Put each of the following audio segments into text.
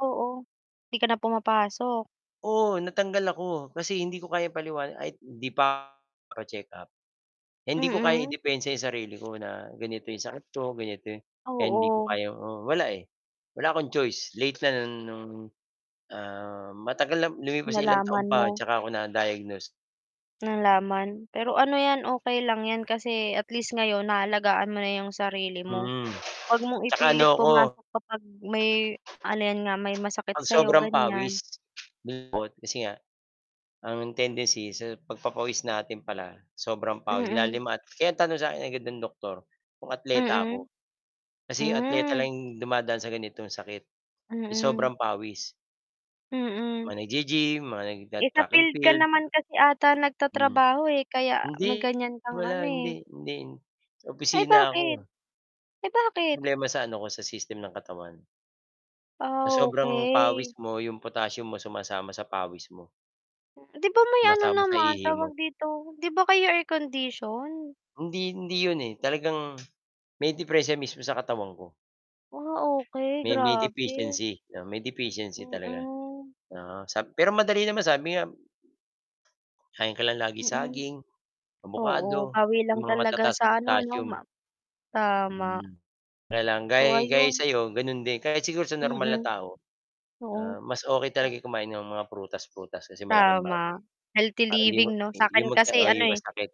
Oo, 'di ka na pumapasok? Oo, natanggal ako kasi hindi ko kayang paliwanag ay hindi pa pa-check-up. Eh, hindi ko kayang Mm. idepensa 'yong sarili ko na ganito 'yong sakit ko ganito yung kaya hindi ko Oo. kayang oo, wala, wala akong choice late na, matagal lumipas sa ilang taon Nalaman pa at mo. ako na-diagnose. Nalaman, pero ano yan, okey lang yan kasi at least ngayon naalagaan mo na yung sarili mo. Hmm, Huwag mong saka ano ipilit 'ko pumasok kapag may ano, yan nga may masakit 'pag sa'yo. sobrang ganyan. pawis [unintelligible] kasi nga ang tendency sa pagpapawis natin pala sobrang pawis Mm. ilalim at kaya ang tanong sa akin ng doktor kung atleta Mm. ako kasi yung atleta Hmm. lang dumadaan sa ganitong sakit, yung Mm. sobrang pawis Mm. Mga naggi-gym, mga Eh, sa nagta-track and field ka field. naman kasi ata Hmm. nagtatrabaho eh, kaya Hindi may ganyan kang ano wala, eh. hindi hindi sa Ay opisina bakit? ako. Eh, bakit? Problema sa ano ko, sa system ng katawan. Ah, Sa sobrang okey. pawis mo, yung potassium mo sumasama sa pawis mo. 'Di ba may ano Sumasama sa naman, ihi tawag mo. dito, di ba kayo air condition? Hindi hindi 'yon eh talagang may deperensiya mismo sa katawan ko. Ah, okey May may grabe. deficiency may deficiency talaga, Mm. oo, sab pero madali naman sabi nga kakain ka lang lagi Mm. saging, Oo, abukado pawi yung lang mga talaga matataas sa sa ano 'no potassium. ma tama. Mhm, kaya lang So gay gaya ayun. sa'yo ganun din kahit siguro sa normal na Mm. tao, Oo, ah, mas okey ah talaga kumain ng mga prutas-prutas kasi malaking bagay Tama, healthy parang hindi living 'no sa'kin [unintelligible] kasi oo, ano eh. iwas sakit.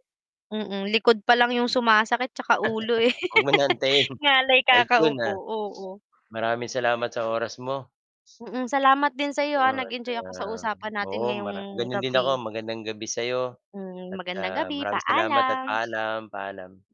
Mm, likod pa lang yung Hmm, sumasakit tsaka ulo eh. 'wag mo ng antayin, Ngalay at yun kakaupo, ah. oo. Maraming salamat sa oras mo. Mm. Salamat din sa'yo, Oo ah, at, nag-enjoy ako sa ah, usapan natin oo, ngayong mara gano'n din ako gabi. magandang gabi sa'yo Hmm, at, magandang ah, gabi, maraming salamat at paalam. paalam, paalam.